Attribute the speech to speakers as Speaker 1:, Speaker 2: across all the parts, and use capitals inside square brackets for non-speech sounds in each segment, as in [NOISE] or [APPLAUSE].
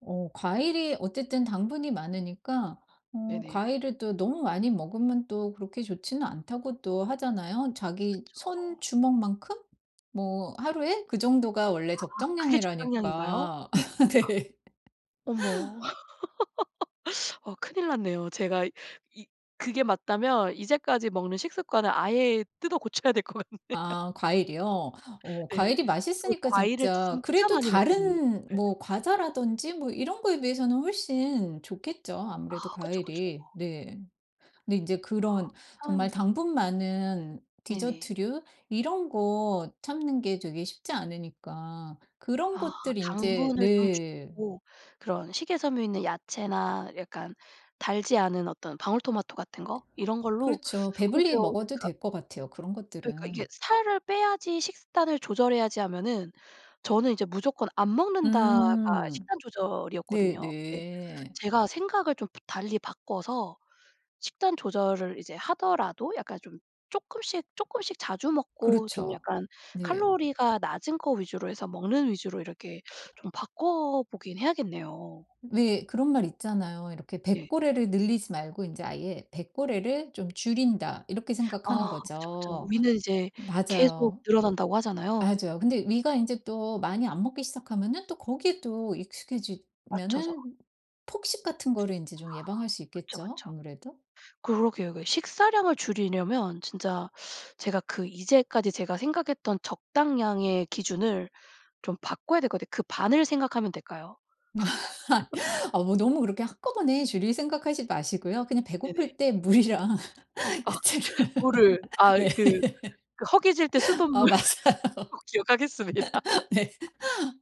Speaker 1: 어 과일이 어쨌든 당분이 많으니까 어
Speaker 2: 네네.
Speaker 1: "과일을 또 너무 많이 먹으면 또 그렇게 좋지는 않다."고 또 하잖아요. 자기
Speaker 2: 그쵸.
Speaker 1: 손 주먹만큼? 뭐 하루에 그 정도가
Speaker 2: 아
Speaker 1: 원래
Speaker 2: 그게 적당량인가요?
Speaker 1: 적정량이라니까 아 네.
Speaker 2: 어머. [LAUGHS] 어 큰일 났네요. 제가 이 그게 맞다면 이제까지 먹는 식습관을 아예 뜯어 고쳐야 될 것 같네요.
Speaker 1: 아 과일이요? 어
Speaker 2: 네.
Speaker 1: 과일이
Speaker 2: 저
Speaker 1: 맛있으니까
Speaker 2: 과일을
Speaker 1: 진짜
Speaker 2: 진짜
Speaker 1: 그래도
Speaker 2: 많이 먹거든요.
Speaker 1: 다른
Speaker 2: 예.
Speaker 1: 뭐 과자라든지 뭐 이런 거에 비해서는 훨씬 좋겠죠
Speaker 2: 아
Speaker 1: 아무래도
Speaker 2: 그쵸, 그쵸.
Speaker 1: 과일이. 네. 근데 인제
Speaker 2: 아
Speaker 1: 그런 정말
Speaker 2: 참.
Speaker 1: 당분 많은
Speaker 2: 네네.
Speaker 1: 디저트류 이런 거 참는 게 되게 쉽지 않으니까. 그런
Speaker 2: 아
Speaker 1: 것들이 인제
Speaker 2: 당분을 좀
Speaker 1: 네.
Speaker 2: 줄이고 그런 식이 섬유 있는 야채나 약간 달지 않은 어떤 방울토마토 같은 거? 이런 걸로
Speaker 1: 그렇죠.
Speaker 2: 그러면
Speaker 1: 배불리 먹어도
Speaker 2: 그러니까
Speaker 1: 될 것 같아요 그런
Speaker 2: 그러니까 이게
Speaker 1: 것들은.
Speaker 2: '살을 빼야지. 식단을 조절해야지.' 하면은 저는 이제 '무조건 안 먹는다.'가
Speaker 1: 음.
Speaker 2: 식단 조절이었거든요. 근데
Speaker 1: 네네.
Speaker 2: 제가 생각을 좀 부 달리 바꿔서 식단 조절을 이제 하더라도 약간 좀 쪼끔씩 쪼끔씩 자주 먹고 좀
Speaker 1: 그렇죠.
Speaker 2: 약간
Speaker 1: 네.
Speaker 2: 칼로리가 낮은 거 위주로 해서 먹는 위주로 이렇게 좀 바꿔보긴 해야겠네요.
Speaker 1: 왜 그런 말 있잖아요. 이렇게
Speaker 2: 네.
Speaker 1: '뱃고래를 늘리지 말고 인제 아예 뱃고래를 좀 줄인다.' 이렇게
Speaker 2: 아
Speaker 1: 생각하는
Speaker 2: 그쵸, 그쵸.
Speaker 1: 거죠.
Speaker 2: 위는 이제 계속
Speaker 1: 맞아요.
Speaker 2: 늘어난다고 하잖아요. 음
Speaker 1: 맞아요. 근데 위가
Speaker 2: 네.
Speaker 1: 인제 또 많이 안 먹기 시작하면은 또 거기에 또
Speaker 2: 맞춰서.
Speaker 1: 익숙해지면은 폭식 같은 거를 인제
Speaker 2: 아
Speaker 1: 좀 예방할 수
Speaker 2: 그쵸,
Speaker 1: 있겠죠
Speaker 2: 그쵸.
Speaker 1: 아무래도?
Speaker 2: 그러게요. 그 식사량을 줄이려면 진짜 제가 그 이제까지 제가 생각했던 적당량의 기준을 좀 바꿔야 될 것 같아요. 그 반을 생각하면 될까요? [LAUGHS]
Speaker 1: [LAUGHS] 아 뭐 너무 그렇게 한꺼번에 줄일 생각하지 마시고요. 그냥
Speaker 2: 네네.
Speaker 1: 배고플 때 물이랑
Speaker 2: 아
Speaker 1: 야채를
Speaker 2: 물을. 아
Speaker 1: 네.
Speaker 2: 그 그 허기질 때
Speaker 1: [LAUGHS] 어
Speaker 2: 수돗물
Speaker 1: 맞아요.
Speaker 2: 꼭 기억하겠습니다.
Speaker 1: [LAUGHS] 네.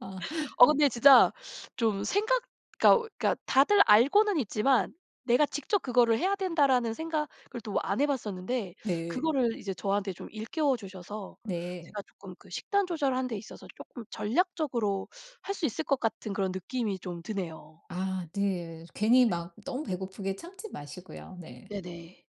Speaker 1: 아.
Speaker 2: 어
Speaker 1: 네.
Speaker 2: 근데 진짜 좀 생각 그러니까 그러니까 다들 알고는 있지만 '내가 직접 그거를 해야 된다.'라는 생각을 또 안 해 봤었는데
Speaker 1: 네.
Speaker 2: 그거를 이제 저한테 좀 일깨워 주셔서
Speaker 1: 네.
Speaker 2: 제가 쪼끔 그 식단 조절하는 데 있어서 쪼끔 전략적으로 할 수 있을 것 같은 그런 느낌이 좀 드네요.
Speaker 1: 아 네. 괜히
Speaker 2: 예.
Speaker 1: 막 너무 배고프게 참지 마시고요. 네.
Speaker 2: 네네.